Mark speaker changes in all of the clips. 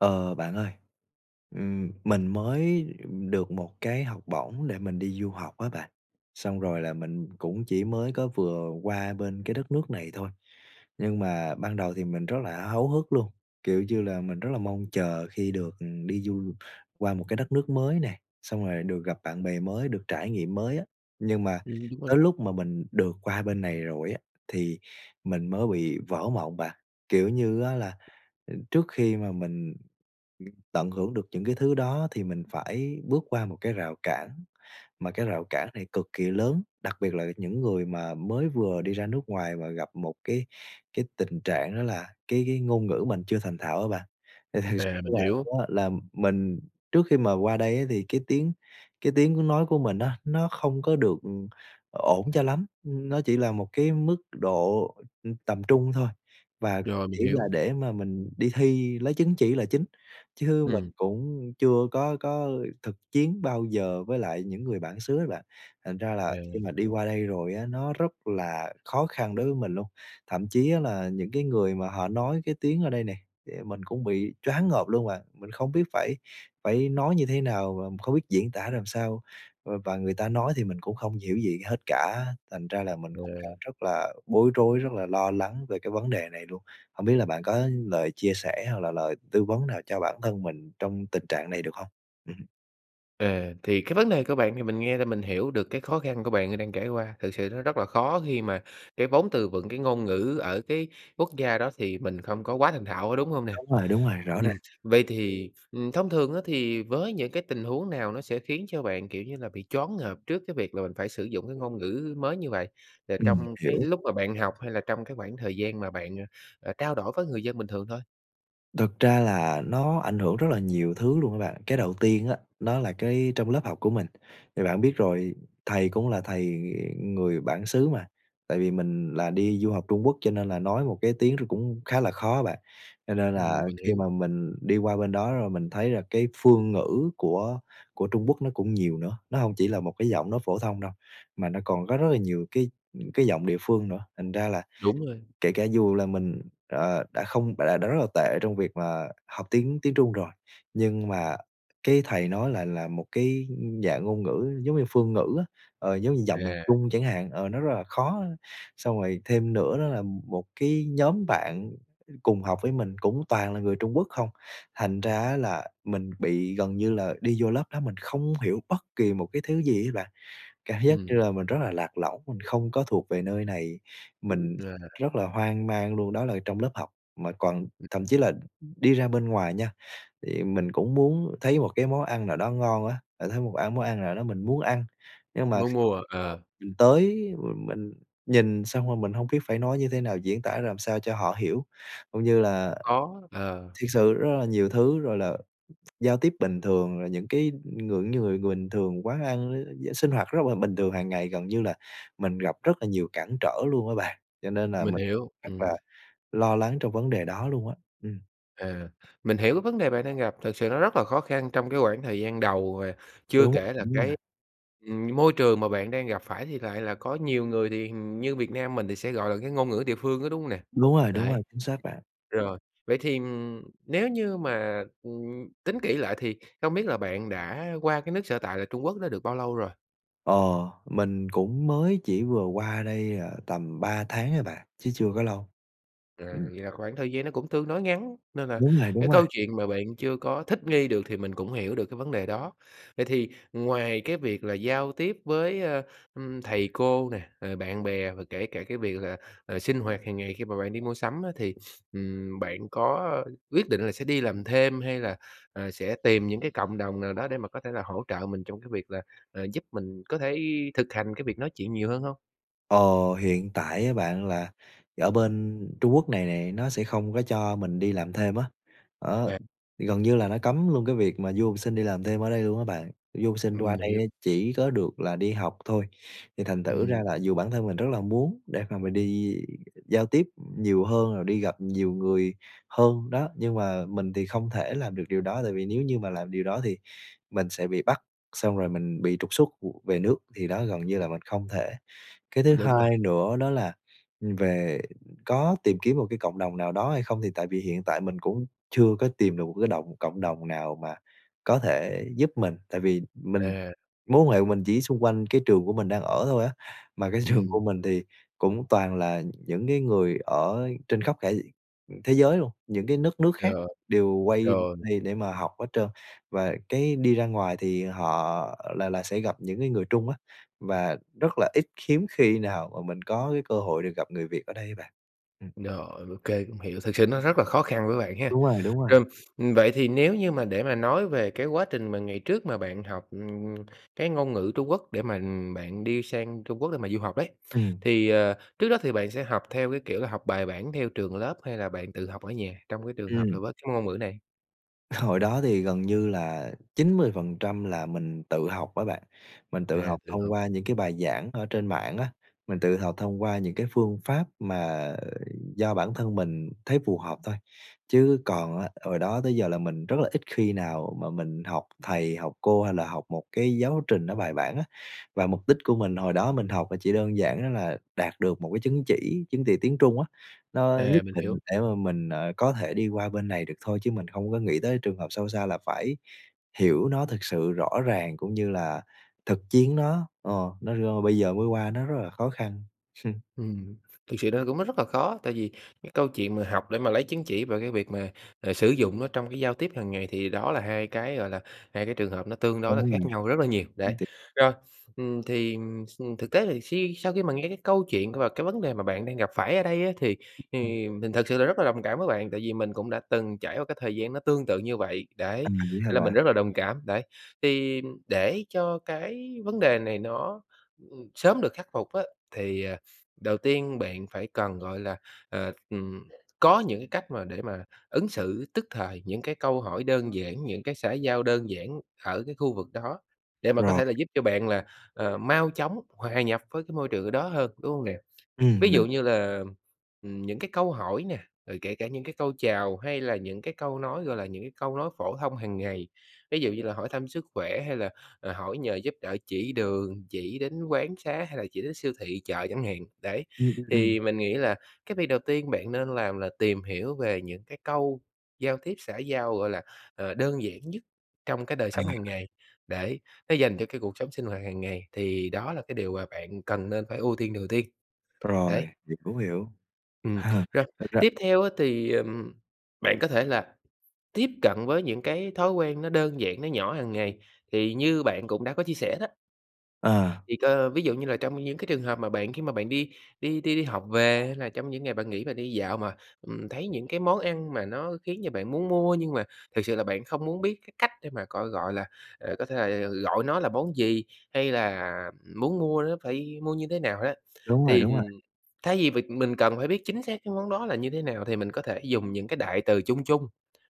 Speaker 1: Ờ, bạn ơi, ừm, mình mới được một cái học bổng để mình đi du học á bạn. Xong rồi là mình cũng chỉ mới có vừa qua bên cái đất nước này thôi, nhưng mà ban đầu thì mình rất là háo hức luôn, kiểu như là, mình rất là mong chờ khi được đi du qua một cái đất nước mới nè, xong rồi được gặp bạn bè mới, được trải nghiệm mới á. Nhưng mà
Speaker 2: Ừm, đúng rồi.
Speaker 1: tới lúc mà mình được qua bên này rồi á, thì mình mới bị vỡ mộng bạn, kiểu như á là, trước khi mà mình tận hưởng được những cái thứ đó thì mình phải bước qua một cái rào cản, mà cái rào cản này cực kỳ lớn, đặc biệt là những người mà mới vừa đi ra nước ngoài mà gặp một cái cái tình trạng đó là cái cái ngôn ngữ mình chưa thành thạo á bạn. Thì thật s
Speaker 2: À, mình
Speaker 1: là
Speaker 2: hiểu.
Speaker 1: đó, là mình trước khi mà qua đây á thì cái tiếng cái tiếng nói của mình á, nó không có được, ừm, ổn cho lắm, nó chỉ là một cái mức độ, ưm, tầm trung thôi, và
Speaker 2: Rồi, mình
Speaker 1: chỉ là
Speaker 2: hiểu.
Speaker 1: để mà mình đi thi lấy chứng chỉ là chính, chứ mình
Speaker 2: Ừm.
Speaker 1: cũng chưa có có thực chiến bao giờ với lại những người bản xứ á bạn. Thành ra là
Speaker 2: À.
Speaker 1: khi mà đi qua đây rồi á, nó rất là khó khăn đối với mình luôn, thậm chí á là những cái người mà họ nói cái tiếng ở đây nè, mình cũng bị choáng ngợp luôn mà, mình không biết phải phải nói như thế nào và không biết diễn tả làm sao, v và người ta nói thì mình cũng không hiểu gì hết cả. Thành ra là mình cũng đang
Speaker 2: À.
Speaker 1: rất là bối rối, rất là lo lắng về cái vấn đề này luôn, hổng biết là bạn có lời chia sẻ hoặc là lời tư vấn nào cho bản thân mình trong tình trạng này, được hông? Ừm.
Speaker 2: Ờ, thì cái vấn đề của bạn thì mình nghe là mình hiểu được cái khó khăn của bạn đang trải qua, thực sự nó rất là khó khi mà cái vốn từ vựng cái ngôn ngữ ở cái quốc gia đó thì mình không có quá thành thạo, có đúng hông nè?
Speaker 1: Đúng rồi, đúng rồi, rõ
Speaker 2: Ừm,
Speaker 1: ràng.
Speaker 2: vậy thì, ừm, thông thường á thì với những cái tình huống nào nó sẽ khiến cho bạn, kiểu như là, bị choáng ngợp trước cái việc là mình phải sử dụng cái ngôn ngữ mới như vậy, rồi
Speaker 1: Ừm,
Speaker 2: trong cái
Speaker 1: hiểu.
Speaker 2: lúc mà bạn học hay là trong cái khoảng thời gian mà bạn, ờ, ờ, trao đổi có người dân bình thường thôi?
Speaker 1: Thực ra là nó ảnh hưởng rất là nhiều thứ luôn á bạn. Cái đầu tiên á, nó là cái trong lớp học của mình, thì bạn biết rồi thầy cũng là thầy, ừ, người bản xứ mà, tại vì mình là đi du học Trung Quốc cho nên là nói một cái tiếng nó cũng khá là khó á bạn. Cho nên là
Speaker 2: Ừm, mình
Speaker 1: khi
Speaker 2: hiểu.
Speaker 1: mà mình đi qua bên đó rồi mình thấy là cái phương ngữ của của Trung Quốc nó cũng nhiều nữa, nó hông chỉ là một cái giọng nói phổ thông đâu mà nó còn có rất rất là nhiều cái, ừm, cái giọng địa phương nữa. Thành ra là
Speaker 2: Đúng rồi.
Speaker 1: kể cả dù là mình, ờ, đã không đã đã rất là tệ trong việc mà học tiếng tiếng Trung rồi, nhưng mà cái thầy nói lại là một cái, ưm, dạng ngôn ngữ giống như phương ngữ á, ờ, giống như giọng miền
Speaker 2: Yeah.
Speaker 1: Trung chẳng hạn, ờ, nó rất là khó, xong rồi thêm nữa đó là một cái nhóm bạn cùng học với mình cũng toàn là người Trung Quốc không. Thành ra á là mình bị gần như là đi vô lớp đó mình không hiểu bất kỳ một cái thứ gì đó bạn, cảm giác như
Speaker 2: Ừm.
Speaker 1: là mình rất là lạc lõng, mình không có thuộc về nơi này, mình
Speaker 2: Yeah.
Speaker 1: rất là hoang mang luôn. Đó là trong lớp học mà còn thậm chí là đi ra bên ngoài nha, thì mình cũng muốn thấy một cái món ăn nào đó ngon á, ờ, thấy một ăn món ăn nào đó mình muốn ăn, nhưng mà
Speaker 2: Muốn
Speaker 1: kh
Speaker 2: mua à? Ờ.
Speaker 1: mình tới và mình nhìn xong rồi mình hông biết phải nói như thế nào diễn tả làm sao cho họ hiểu. Cũng như là
Speaker 2: Khó, ờ.
Speaker 1: thiệt sự rất là nhiều thứ rồi là giao tiếp bình thường rồi những cái, những người người bình thường quán ăn, ư, sinh hoạt rất là bình thường hàng ngày, gần như là mình gặp rất là nhiều cản trở luôn á bạn, cho nên là
Speaker 2: Mình
Speaker 1: mình
Speaker 2: hiểu,
Speaker 1: rất là
Speaker 2: ừm.
Speaker 1: lo lắng trong vấn đề đó luôn á. Ừm.
Speaker 2: À, mình hiểu cái vấn đề bạn đang gặp, thực sự nó rất là khó khăn trong cái quãng thời gian đầu và chưa
Speaker 1: Đúng,
Speaker 2: kể là cái
Speaker 1: [unintelligible]
Speaker 2: ừm, môi trường mà bạn đang gặp phải thì lại là có nhiều người, thì hình như Việt Nam mình thì sẽ, gọi là, cái ngôn ngữ địa phương đó, đúng hông nè?
Speaker 1: Đúng rồi, đúng
Speaker 2: Đấy,
Speaker 1: rồi, chính xác bạn.
Speaker 2: rồi, vậy thì, ừm, nếu như mà, ừm, tính kỹ lại thì không biết là bạn đã qua cái nước sở tại là Trung Quốc đó được bao lâu rồi?
Speaker 1: Ờ, mình cũng mới chỉ vừa qua đây, à, tầm 3 tháng ấy bà, chứ chưa có lâu.
Speaker 2: À,
Speaker 1: Ừm.
Speaker 2: vậy là khoảng thời gian nó cũng tương đối ngắn nên là
Speaker 1: Đúng rồi,
Speaker 2: cái
Speaker 1: đúng rồi.
Speaker 2: câu chuyện mà bạn chưa có thích nghi được thì mình cũng hiểu được cái vấn đề đó. Vậy thì ngoài cái việc là giao tiếp với, ơ, ưm, thầy cô nè, à, bạn bè và kể cả cái việc là, à, sinh hoạt hàng ngày khi mà bạn đi mua sắm á thì, ừm, bạn có quyết định là sẽ đi làm thêm hay là, à, sẽ tìm những cái cộng đồng nào đó để mà có thể là hỗ trợ mình trong cái việc là, à, giúp mình có thể thực hành cái việc nói chuyện nhiều hơn hông?
Speaker 1: Ờ, hiện tại á bạn là ở bên Trung Quốc này nè, nó sẽ không có cho mình đi làm thêm á, đó.
Speaker 2: À.
Speaker 1: Thì gần như là nó cấm luôn cái việc mà du học sinh đi làm thêm ở đây luôn á bạn, du học sinh
Speaker 2: Ừm,
Speaker 1: qua đây á,
Speaker 2: hiểu.
Speaker 1: chỉ có được là đi học thôi, thì thành thử ra
Speaker 2: Ừm.
Speaker 1: là dù bản thân mình rất là muốn để mà mình đi giao tiếp nhiều hơn, rồi đi gặp nhiều người hơn, đó, nhưng mà mình thì không thể làm được điều đó, tại vì nếu như mà làm điều đó thì mình sẽ bị bắt, xong rồi mình bị trục xuất về nước, thì đó gần như là mình không thể. Cái thứ
Speaker 2: Đúng rồi.
Speaker 1: hai nữa đó là, ừm, về có tìm kiếm một cái cộng đồng nào đó hay không? Thì tại vì hiện tại mình cũng chưa có tìm được một cái động cộng đồng nào mà có thể giúp mình, tại vì mình
Speaker 2: À.
Speaker 1: mối quan hệ của mình chỉ xung quanh cái trường của mình đang ở thôi á, mà cái trường
Speaker 2: Ừm.
Speaker 1: của mình thì cũng toàn là những cái người ở trên khắp cả thế giới luôn, những cái đất nước khác
Speaker 2: Rồi.
Speaker 1: đều quay
Speaker 2: Rồi.
Speaker 1: đây để mà học hết trơn, và cái đi ra ngoài thì họ là là sẽ gặp những cái người Trung á và rất là ít, khiếm khi nào mà mình có cái cơ hội được gặp người Việt ở đây bạn. Ừm.
Speaker 2: Rồi, ô kê, cũng hiểu, thực sự nó rất là khó khăn với bạn ha.
Speaker 1: Đúng rồi, đúng rồi.
Speaker 2: Rồi, ừm, vậy thì nếu như mà để mà nói về cái quá trình mà ngày trước mà bạn học, ừm, ừm, cái ngôn ngữ Trung Quốc để mà, ừm, bạn đi sang Trung Quốc để mà du học ấy,
Speaker 1: Ừm.
Speaker 2: thì, ờ, trước đó thì bạn sẽ học theo cái, kiểu là, học bài bản theo trường lớp hay là bạn tự học ở nhà, trong cái trường hợp
Speaker 1: Ừm.
Speaker 2: là với cái ngôn ngữ này?
Speaker 1: Hồi đó thì gần như là 90% là mình tự học á bạn. Mình tự
Speaker 2: À,
Speaker 1: học
Speaker 2: tự
Speaker 1: thông
Speaker 2: học.
Speaker 1: qua những cái bài giảng ở trên mạng á, mình tự học thông qua những cái phương pháp mà do bản thân mình thấy phù hợp thôi. Chứ còn á, hồi đó tới giờ là mình rất là ít khi nào mà mình học thầy, học cô hay là học một cái giáo trình nó bài bản á. Và mục đích của mình hồi đó mình học là chỉ đơn giản đó là đạt được một cái chứng chỉ, chứng chỉ tiếng Trung á, nó nhất
Speaker 2: À, mình
Speaker 1: định
Speaker 2: hiểu.
Speaker 1: để mà mình, ờ, có thể đi qua bên này được thôi chứ mình không có nghĩ tới trường hợp sâu xa là phải hiểu nó thực sự rõ ràng cũng như là thực chiến nó, ờ, nó rô bây giờ mới qua nó rất là khó khăn.
Speaker 2: Ừm, thực sự nó cũng mất rất là khó, tại vì cái câu chuyện mà học để mà lấy chứng chỉ về cái việc mà, à, sử dụng nó trong cái giao tiếp hàng ngày thì đó là hai cái, gọi là, hai cái trường hợp nó tương đối là
Speaker 1: Đúng rồi.
Speaker 2: khác nhau rất là nhiều, đấy.
Speaker 1: Thiệt
Speaker 2: Rồi, ừm, thì, ừm, thực tế thì si sau khi mà nghe cái câu chuyện và cái vấn đề mà bạn đang gặp phải ở đây á thì thì mình thực sự là rất là đồng cảm với bạn, tại vì mình cũng đã từng trải qua cái thời gian nó tương tự như vậy, đấy,
Speaker 1: À, vậy hả
Speaker 2: nên là mình
Speaker 1: bạn?
Speaker 2: rất là đồng cảm, đấy. Thì để cho cái vấn đề này nó sớm được khắc phục á thì, à, đầu tiên bạn phải cần, gọi là, ờ, ừm, có những cách mà để mà ứng xử tức thời những cái câu hỏi đơn giản, những cái xã giao đơn giản ở cái khu vực đó, để mà có
Speaker 1: Rồi.
Speaker 2: thể là giúp cho bạn là, ờ, mau chóng hòa nhập với cái môi trường ở đó hơn, đúng hông nè? Ví
Speaker 1: Ừm, mình
Speaker 2: dụ như là, ừm, những cái câu hỏi nè, rồi kể cả những cái câu chào hay là những cái câu nói, gọi là, những cái câu nói phổ thông hàng ngày, ví dụ như là hỏi thăm sức khỏe hay là, à, hỏi nhờ giúp đỡ chỉ đường, chỉ đến quán xá hay là chỉ đến siêu thị, chợ, chẳng hạn, đấy.
Speaker 1: Ừm, ừm, ừm.
Speaker 2: Thì mình nghĩ là cái việc đầu tiên bạn nên làm là tìm hiểu về những cái câu giao tiếp xã giao, gọi là, ờ, đơn giản nhất trong cái đời sống hàng
Speaker 1: À.
Speaker 2: ngày, để nó dành cho cái cuộc sống sinh hoạt hàng ngày, thì đó là cái điều mà bạn cần nên phải ưu tiên đầu tiên. Đấy.
Speaker 1: Rồi, thì cũng hiểu.
Speaker 2: Ừm, rồi,
Speaker 1: Thật ra
Speaker 2: tiếp theo á thì, ừm, bạn có thể là tiếp cận với những cái thói quen nó đơn giản, nó nhỏ hàng ngày, thì như bạn cũng đã có chia sẻ đó
Speaker 1: Ờ.
Speaker 2: Thì, cơ ví dụ như là trong những cái trường hợp mà bạn khi mà bạn đi đi đi đi học về hay là trong những ngày bạn nghỉ và đi dạo mà, ừm, thấy những cái món ăn mà nó khiến cho bạn muốn mua nhưng mà thực sự là bạn không muốn biết cái cách để mà, gọi gọi là, ờ, có thể là gọi nó là món gì hay là muốn mua nó phải mua như thế nào á,
Speaker 1: Đúng rồi,
Speaker 2: thì,
Speaker 1: đúng rồi.
Speaker 2: ừm thay vì việc mình cần phải biết chính xác cái món đó là như thế nào thì mình có thể dùng những cái đại từ chung chung.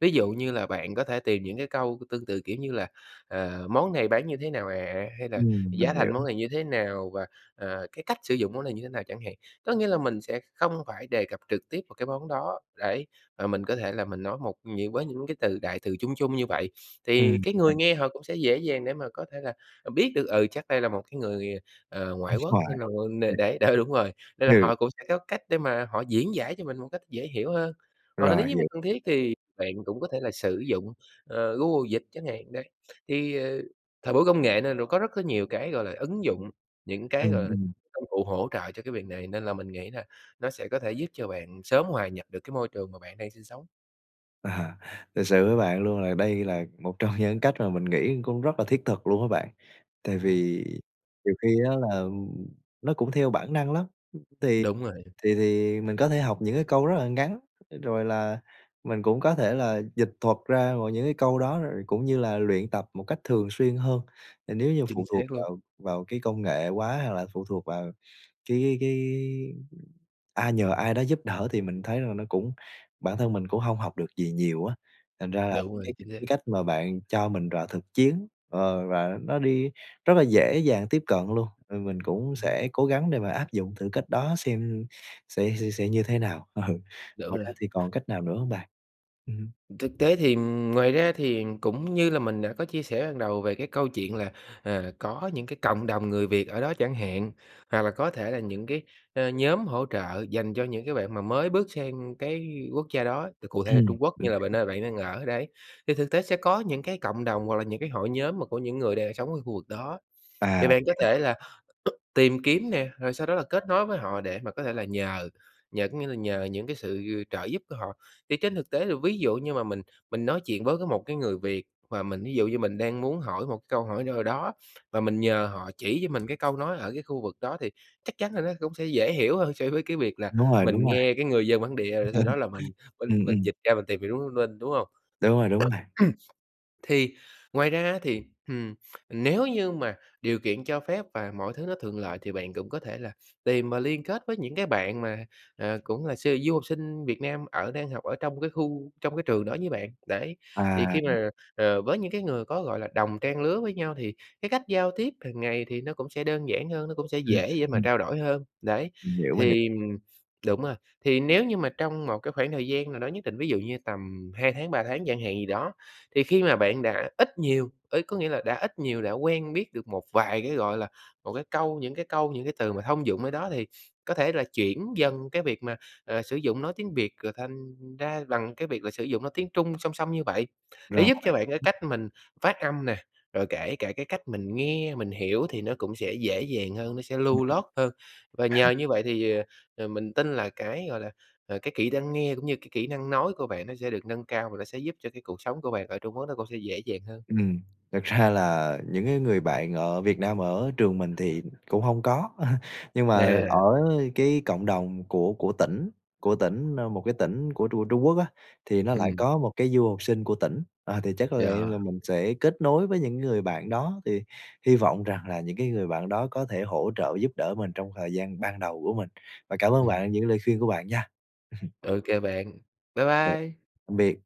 Speaker 2: Ví dụ như là bạn có thể tìm những cái câu tương tự, kiểu như là, ờ, "Món này bán như thế nào ạ?" hay là
Speaker 1: Ừm,
Speaker 2: "Giá
Speaker 1: mình hiểu.
Speaker 2: thành món này như thế nào?" và, à, "Cái cách sử dụng món này như thế nào?" chẳng hạn. Có nghĩa là mình sẽ không phải đề cập trực tiếp vào cái món đó để mà mình có thể là mình nói một những với những cái từ đại từ chung chung như vậy, thì
Speaker 1: Ừm.
Speaker 2: cái người
Speaker 1: Mình
Speaker 2: nghe họ cũng sẽ dễ dàng để mà có thể là, à, biết được, ừ, chắc đây là một cái người, à,
Speaker 1: Nước
Speaker 2: ngoại quốc
Speaker 1: ngoài.
Speaker 2: nên là người để để đó, đúng rồi! Nên là
Speaker 1: Ừ.
Speaker 2: họ cũng sẽ có cách để mà họ diễn giải cho mình một cách dễ hiểu hơn. Hoặc nếu
Speaker 1: Rồi,
Speaker 2: như mà
Speaker 1: hiểu.
Speaker 2: cần thiết thì bạn cũng có thể là sử dụng, ờ, Google Dịch chẳng hạn, đấy. Thì, ờ, thời buổi công nghệ nên là có rất cái nhiều cái, gọi là, ứng dụng, những cái, gọi
Speaker 1: Ừm,
Speaker 2: là,
Speaker 1: ừm.
Speaker 2: công cụ hỗ trợ cho cái việc này nên là mình nghĩ là nó sẽ có thể giúp cho bạn sớm hòa nhập được cái môi trường mà bạn đang sinh sống.
Speaker 1: À, thực sự với bạn luôn là đây là một trong những cách mà mình nghĩ cũng rất là thiết thực luôn á bạn, tại
Speaker 2: Ừm.
Speaker 1: vì nhiều khi á là nó cũng theo bản năng lắm. Thì
Speaker 2: Đúng rồi.
Speaker 1: thì thì mình có thể học những cái câu rất là ngắn, rồi là mình cũng có thể là dịch thuật ra và những cái câu đó rồi cũng như là luyện tập một cách thường xuyên hơn, nên nếu như phụ
Speaker 2: Chính xác
Speaker 1: thuộc
Speaker 2: luôn!
Speaker 1: vào vào cái công nghệ quá hoặc là phụ thuộc vào cái cái ai nhờ ai đó giúp đỡ thì mình thấy rằng nó cũng bản thân mình cũng hông học được gì nhiều á. Thành ra là
Speaker 2: Đúng
Speaker 1: cái
Speaker 2: rồi, chính xác.
Speaker 1: cái cách mà bạn cho mình rào thực chiến, ờ, và nó đi rất là dễ dàng tiếp cận luôn, rồi mình cũng
Speaker 2: Ừm hứm.
Speaker 1: sẽ cố gắng để mà áp dụng thử cách đó xem sẽ sẽ sẽ như thế nào. Ừ,
Speaker 2: Đủ
Speaker 1: ngoài
Speaker 2: rồi.
Speaker 1: ra thì còn cách nào nữa hông bạn? Ừm.
Speaker 2: Thực tế thì, ừm, ngoài ra thì cũng như là mình đã có chia sẻ ban đầu về cái câu chuyện là, à, có những cái cộng đồng người Việt ở đó chẳng hạn, hoặc là có thể là những cái, ơ, nhóm hỗ trợ dành cho những cái bạn mà mới bước sang cái quốc gia đó, thì cụ thể là
Speaker 1: Ừm.
Speaker 2: Trung Quốc
Speaker 1: Mình
Speaker 2: như là b
Speaker 1: hiểu.
Speaker 2: nơi bạn đang ở, đấy, thì thực tế sẽ có những cái cộng đồng hoặc là những cái hội nhóm mà của những người đang sống ở khu vực đó.
Speaker 1: À,
Speaker 2: Thì bạn có
Speaker 1: vậy
Speaker 2: thể là tìm kiếm nè, rồi sau đó là kết nối với họ để mà có thể là nhờ, nhờ có nghĩa là nhờ những cái sự trợ giúp của họ. Thì trên thực tế là ví dụ như mà mình mình nói chuyện với cái một cái người Việt và mình ví dụ như mình đang muốn hỏi một cái câu hỏi nào đó, và mình nhờ họ chỉ cho mình cái câu nói ở cái khu vực đó thì chắc chắn là nó cũng sẽ dễ hiểu hơn so với cái việc là
Speaker 1: Đúng rồi, đúng
Speaker 2: mình
Speaker 1: rồi.
Speaker 2: nghe cái người dân bản địa, rồi sau đó là mình mình
Speaker 1: Ừm,
Speaker 2: mình
Speaker 1: ừm.
Speaker 2: dịch ra mình tìm hiểu đúng một minh, đúng hông?
Speaker 1: Đúng rồi, đúng rồi.
Speaker 2: Thì ngoài ra á thì, ừm, nếu như mà điều kiện cho phép và mọi thứ nó thuận lợi thì bạn cũng có thể là tìm mà liên kết với những cái bạn mà, à, cũng là su du học sinh Việt Nam ở đang học ở trong cái khu trong cái trường đó với bạn, đấy.
Speaker 1: À,
Speaker 2: Thì khi
Speaker 1: ừm.
Speaker 2: mà, ờ, với những cái người có, gọi là, đồng trang lứa với nhau thì cái cách giao tiếp hàng ngày thì nó cũng sẽ đơn giản hơn, nó cũng sẽ
Speaker 1: Ừm,
Speaker 2: dễ dễ mà
Speaker 1: ừm.
Speaker 2: trao đổi hơn, đấy.
Speaker 1: Mình hiểu, mình hiể
Speaker 2: Thì đúng rồi, thì nếu như mà trong một cái khoảng thời gian nào đó nhất định, ví dụ như tầm 2 tháng, 3 tháng chẳng hạn gì đó, thì khi mà bạn đã ít nhiều, ý có nghĩa là đã ít nhiều đã quen biết được một vài cái, gọi là, một cái câu những cái câu, những cái từ mà thông dụng ở đó thì có thể là chuyển dần cái việc mà, à, sử dụng nói tiếng Việt rồi thành ra bằng cái việc là sử dụng nói tiếng Trung song song như vậy, để
Speaker 1: Rồi.
Speaker 2: giúp cho bạn cái cách mình phát âm nè, rồi kể cả cái cách mình nghe, mình hiểu thì nó cũng sẽ dễ dàng hơn, nó sẽ lưu loát hơn. Và nhờ như vậy thì, ờ, mình tin là cái, gọi là, ờ, cái kỹ năng nghe cũng như cái kỹ năng nói của bạn nó sẽ được nâng cao và nó sẽ giúp cho cái cuộc sống của bạn ở Trung Quốc nó cũng sẽ dễ dàng hơn.
Speaker 1: Ừm. Thật ra là những cái người bạn ở Việt Nam ở trường mình thì cũng hông có, nhưng mà ở
Speaker 2: À.
Speaker 1: cái cộng đồng của của tỉnh của tỉnh, ơ, một cái tỉnh của Trung Trung Quốc á, thì nó lại
Speaker 2: Ừm.
Speaker 1: có một cái du học sinh của tỉnh, ờ, thì chắc có lẽ
Speaker 2: Dò.
Speaker 1: là mình sẽ kết nối với những người bạn đó thì hy vọng rằng là những cái người bạn đó có thể hỗ trợ giúp đỡ mình trong thời gian ban đầu của mình. Và cảm ơn
Speaker 2: Ừm.
Speaker 1: bạn những lời khuyên của bạn nha!
Speaker 2: OK bạn. Bye
Speaker 1: Tạm
Speaker 2: bye!
Speaker 1: biệt!